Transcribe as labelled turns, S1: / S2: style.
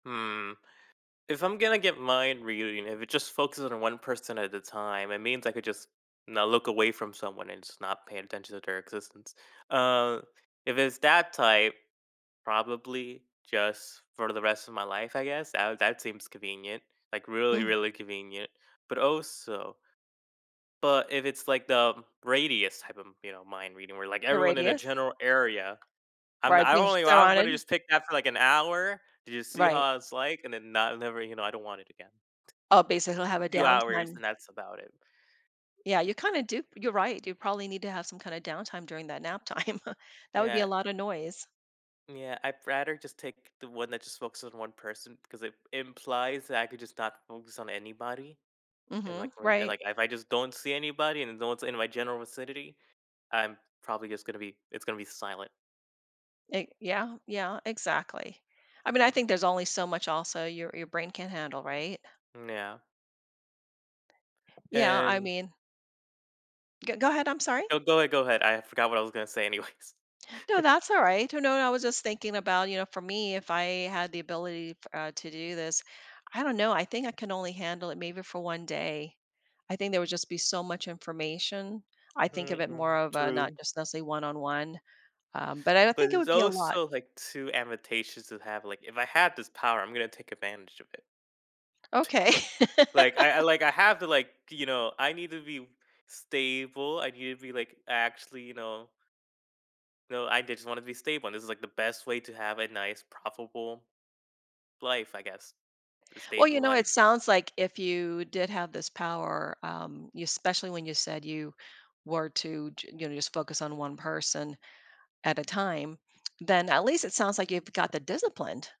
S1: Mm, if I'm gonna get mind reading, if it just focuses on one person at a time, it means I could just not look away from someone and just not paying attention to their existence. Uh, if it's that type, probably just for the rest of my life, I guess that that seems convenient, like, really,
S2: Mm.
S1: really convenient, but also but if it's, like, the radius type of, you know, mind reading where, like,
S2: The
S1: everyone in a
S2: radius.
S1: general area, I'm
S2: Right,
S1: I'm
S2: being
S1: only
S2: so
S1: I'm gonna
S2: on.
S1: just pick that for, like, an hour to just see
S2: Right.
S1: how it's, like, and then not never, you know, I don't want it again.
S2: Oh, basically I'll have a
S1: Few hours
S2: downtime.
S1: and that's about it.
S2: Yeah, you kinda do, you're right. You probably need to have some kinda downtime during that nap time. That would be
S1: Yeah.
S2: a lotta noise.
S1: Yeah, I'd rather just take the one that just focuses on one person because it implies that I could just not focus on anybody and, like
S2: Mhm. Right.
S1: like, if I just don't see anybody and no one's in my general vicinity, I'm probably just gonna be, it's gonna be silent.
S2: E yeah, yeah, exactly. I mean, I think there's only so much also your, your brain can't handle, right?
S1: Yeah.
S2: Yeah, I
S1: And
S2: mean G go ahead. I'm sorry.
S1: No, go ahead, go ahead. I forgot what I was gonna say anyways.
S2: No, that's all right. You know, I was just thinking about, you know, for me, if I had the ability f uh, to do this, I don't know. I think I can only handle it maybe for one day. I think there would just be so much information. I think of it
S1: Mhm.
S2: more of a not
S1: True.
S2: just one on one, um, but, I don't
S1: But,
S2: think it
S1: it's
S2: would be a lot.
S1: also, like, too advantageous to have like if I had this power, I'm gonna take advantage of it.
S2: Okay.
S1: So like I, I like, I have to like, you know, I need to be stable, I need to be, like, actually, you know No, I did just want to be stable and this is, like, the best way to have a nice profitable life, I guess the
S2: Well,
S1: stable
S2: you know, it
S1: life.
S2: sounds, like, if you did have this power, um, you especially when you said you were to j you know, just focus on one person at a time, then at least it sounds, like, you've got the disciplined.